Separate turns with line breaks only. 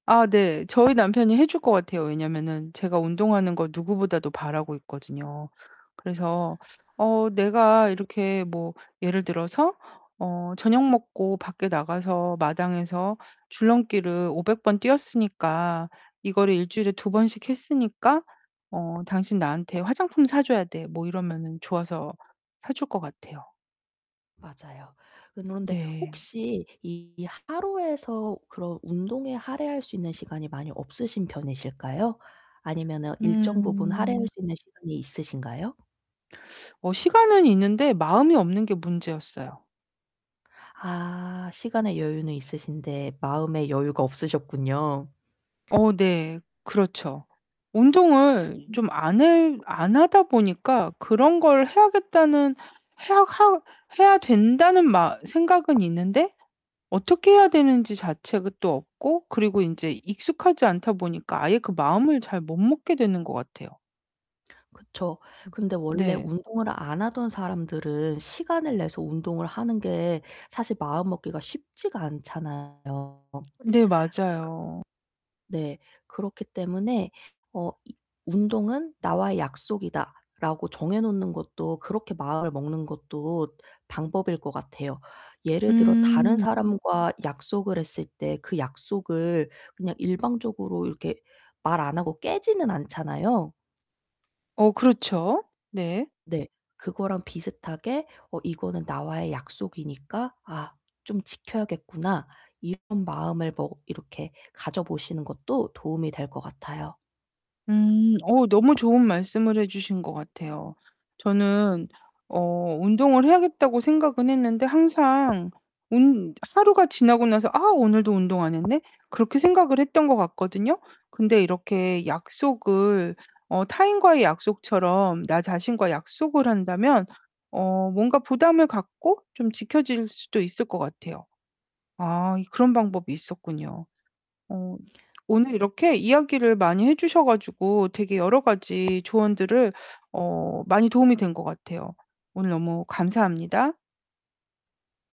아 네. 저희 남편이 해 줄 것 같아요. 왜냐면은 제가 운동하는 걸 누구보다도 바라고 있거든요. 그래서 어 내가 이렇게 뭐 예를 들어서 어 "저녁 먹고 밖에 나가서 마당에서 줄넘기를 500 번 뛰었으니까 이거를 1 주일에 2 번씩 했으니까 어 당신 나한테 화장품 사 줘야 돼." 뭐 이러면은 좋아서 사 줄 것 같아요.
맞아요. 그런데
네.
혹시 이 하루에서 그런 운동에 할애할 수 있는 시간이 많이 없으신 편이실까요? 아니면은 일정 부분
음.
할애할 수 있는 시간이 있으신가요?
어 시간은 있는데 마음이 없는 게 문제였어요.
아 시간의 여유는 있으신데 마음의 여유가 없으셨군요.
어 네. 그렇죠. 운동을
음.
좀 안 해 안 하다 보니까 그런 걸 해야겠다는 해야 하 해야 된다는 마 생각은 있는데 어떻게 해야 되는지 자체가 또 없고 그리고 인제 익숙하지 않다 보니까 아예 그 마음을 잘 못 먹게 되는 것 같아요.
그쵸.
음
근데 원래
네.
운동을 안 하던 사람들은 시간을 내서 운동을 하는 게 사실 마음먹기가 쉽지가 않잖아요. 크
네 맞아요.
네 그렇기 때문에 어 이 '운동은 나와의 약속이다.'라고 정해 놓는 것도 그렇게 마음을 먹는 것도 방법일 것 같아요. 예를 들어 다른
음.
사람과 약속을 했을 때 그 약속을 그냥 일방적으로 이렇게 말 안 하고 깨지는 않잖아요.
어 그렇죠. 네.
네. 그거랑 비슷하게 '어 이거는 나와의 약속이니까 아 좀 지켜야겠구나.' 이런 마음을 뭐 이렇게 가져 보시는 것도 도움이 될 것 같아요.
음 어 너무 좋은 말씀을 해 주신 것 같아요. 저는 어 운동을 해야겠다고 생각은 했는데 항상 운 하루가 지나고 나서 '아 오늘도 운동 안 했네.' 그렇게 생각을 했던 것 같거든요. 근데 이렇게 약속을 어 타인과의 약속처럼 나 자신과의 약속을 한다면 어 뭔가 부담을 갖고 좀 지켜질 수도 있을 것 같아요. 아 그런 방법이 있었군요. 어 오늘 이렇게 이야기를 많이 해 주셔 가지고 되게 여러 가지 조언들을 어 많이 도움이 된 것 같아요. 오늘 너무 감사합니다.